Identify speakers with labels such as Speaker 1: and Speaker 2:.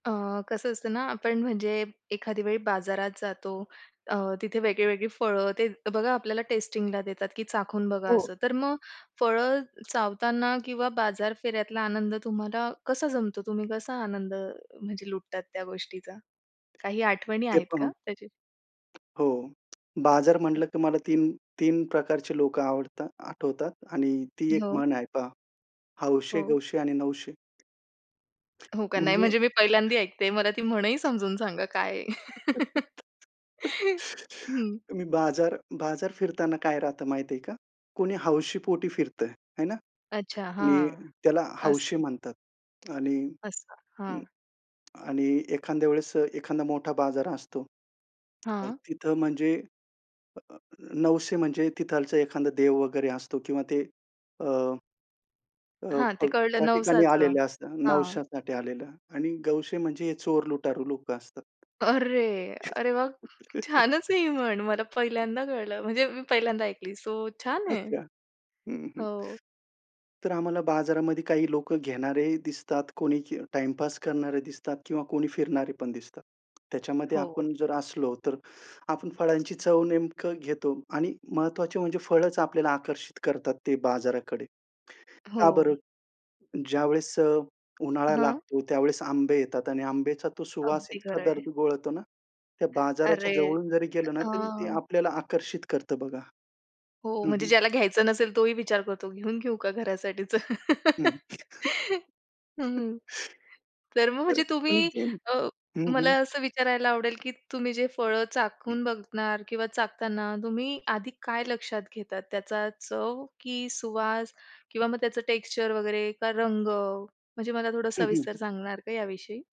Speaker 1: अ, कसं असतं ना आपण म्हणजे एखाद्या वेळी बाजारात जातो, अ, तिथे वेगळी-वेगळी फळं ते बघा आपल्याला टेस्टिंगला देतात की चाखून बघा
Speaker 2: हो.
Speaker 1: असं. तर मग फळं चावताना किंवा बाजार फेऱ्यातला आनंद तुम्हाला कसा जमतो? तुम्ही कसा आनंद अ, म्हणजे लुटतात त्या गोष्टीचा? काही आठवणी
Speaker 2: ते
Speaker 1: आहेत
Speaker 2: पण
Speaker 1: का त्याचे?
Speaker 2: हो. बाजार म्हटलं की मला 3-3 प्रकारची लोकं आवडता आठवतात आणि ती एक
Speaker 1: हो.
Speaker 2: म्हण आहे पहा "हौशे
Speaker 1: हो.
Speaker 2: गवशे आणि नऊशे."
Speaker 1: हो का, नाही?
Speaker 2: म्हणजे
Speaker 1: म्हणजे मी पहिल्यांदा ऐकते. मला ती म्हण ही समजून सांगा काय आहे? हं.
Speaker 2: मी बाजार बाजार फिरताना काय राहतं माहितीये का? कुणी हौशी पोटी फिरतंय, आहे ना?
Speaker 1: अच्छा.
Speaker 2: आणि
Speaker 1: हां,
Speaker 2: त्याला हौशी
Speaker 1: असं.
Speaker 2: म्हणतात आणि
Speaker 1: असं हां.
Speaker 2: आणि एखाद्या वेळेस अ, एखादा मोठा बाजार असतो. मग
Speaker 1: हां.
Speaker 2: तिथं म्हणजे, अ, नवशे म्हणजे तिथालचा एखादा देव वगैरे असतो किंवा ते अ अ,
Speaker 1: हां, ते
Speaker 2: पग
Speaker 1: कळलं
Speaker 2: त्या ठिकाणी
Speaker 1: नवसाचं.
Speaker 2: आलेले असतात.
Speaker 1: हां.
Speaker 2: नवश्यासाठी आलेला आणि गवशे म्हणजे हे चोर लुटारू लोकं असतात.
Speaker 1: अरे, अरे वाह! छानच आहे ही म्हण. मला पहिल्यांदा कळलं, म्हणजे मी पहिल्यांदा ऐकली. सो छान आहे
Speaker 2: अच्छा. हं, हं.
Speaker 1: हो.
Speaker 2: तर आम्हाला बाजारामध्ये काही लोकं घेणारेही दिसतात, कोणी के टाईमपास करणारे दिसतात किंवा कोणी फिरणारे पण दिसतात. त्याच्यामध्ये
Speaker 1: हो.
Speaker 2: आपण जर असलो तर आपण फळांची चव नेमकं घेतो आणि महत्त्वाचे म्हणजे फळच आपल्याला आकर्षित करतात ते बाजाराकडे, का
Speaker 1: हो.
Speaker 2: बरं? ज्यावेळेस अ, उन्हाळा
Speaker 1: हां.
Speaker 2: लागतो. त्यावेळेस आंबे येतात आणि आंब्याचा तो सुवास
Speaker 1: अगदी
Speaker 2: इतका
Speaker 1: खरं आहे.
Speaker 2: दर्द घोळतोना त्या बाजाराच्या
Speaker 1: अरे!
Speaker 2: जवळून जरी गेलं ना तरी ते
Speaker 1: हं.
Speaker 2: आपल्याला आकर्षित करतं बघा.
Speaker 1: हो.
Speaker 2: हं,
Speaker 1: म्हणजे
Speaker 2: हं.
Speaker 1: ज्याला घ्यायचं नसेल तो ही विचार करतो. घेऊन घेऊ का घरासाठीचं?
Speaker 2: हं.
Speaker 1: हं, हं.
Speaker 2: खरं
Speaker 1: तर मग म्हणजे
Speaker 2: आहे. पण
Speaker 1: तुम्ही
Speaker 2: जे
Speaker 1: अ,
Speaker 2: हं,
Speaker 1: मला
Speaker 2: हं.
Speaker 1: असं विचारायला आवडेल की तुम्ही जे फळं चाखून बघणार किंवा चाखताना तुम्ही आधी काय लक्षात घेतात? त्याचा चव की सुवास किंवा मग त्याचं टेक्स्चर वगैरे? का रंग म्हणजे मला थोडं
Speaker 2: हं, हं,
Speaker 1: सविस्तर
Speaker 2: हं.
Speaker 1: सांगणार का याविषयी?